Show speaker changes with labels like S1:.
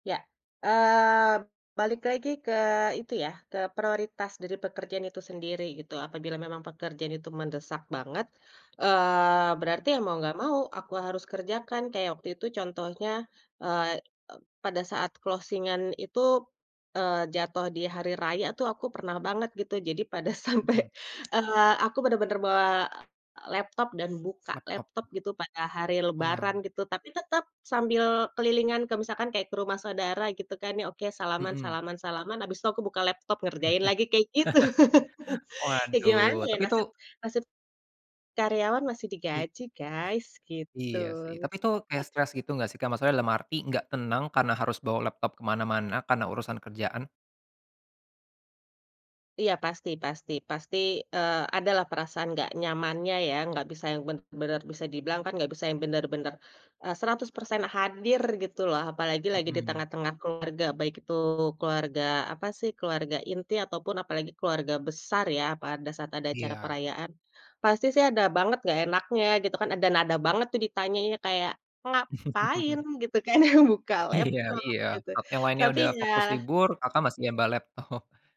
S1: Ya. Eee, balik lagi ke itu ya, ke prioritas dari pekerjaan itu sendiri gitu, apabila memang pekerjaan itu mendesak banget, eee, berarti ya mau nggak mau aku harus kerjakan, kayak waktu itu contohnya, eee, e pada saat closing-an itu, eee, jatuh di hari raya tuh aku pernah banget gitu, jadi pada sampai,
S2: Mhm.
S1: eee, aku bener-bener bawa, e laptop dan buka
S2: Laptop.
S1: laptop gitu pada hari lebaran
S2: Oalah.
S1: gitu, tapi tetap sambil kelilingan ke misalkan kayak ke rumah saudara gitu kan, ya oke salaman
S2: Mhm.
S1: salaman salaman habis itu aku buka laptop ngerjain lagi kayak gitu. Ya gimana
S2: Waduh
S1: ya
S2: tapi itu
S1: nasib nasib karyawan masih
S2: Li
S1: digaji guys, gitu.
S2: Iya sih, tapi itu kayak stres gitu nggak sih Kak? Maksudnya dalam arti nggak tenang karena harus bawa laptop ke mana-mana karena urusan kerjaan?
S1: Iya pasti pasti pasti, eee, ada lah perasaan nggak nyamannya ya, nggak bisa yang benar-benar, bisa dibilang kan gak bisa yang benar-benar, e 100% hadir gitu loh, apalagi lagi di
S2: Mhm.
S1: tengah-tengah keluarga, baik itu keluarga apa sih keluarga inti ataupun apalagi keluarga besar ya, pada saat ada acara
S2: Iya.
S1: perayaan. Pasti sih ada banget nggak enaknya gitu kan, ada nada banget tuh ditanyanya kayak "ngapain gitu kan buka
S2: Iya
S1: laptop"
S2: iya.
S1: gitu,
S2: Apa yang lainnya
S1: tapi
S2: udah fokus
S1: ya
S2: libur, Kakak masih yang bawa laptop.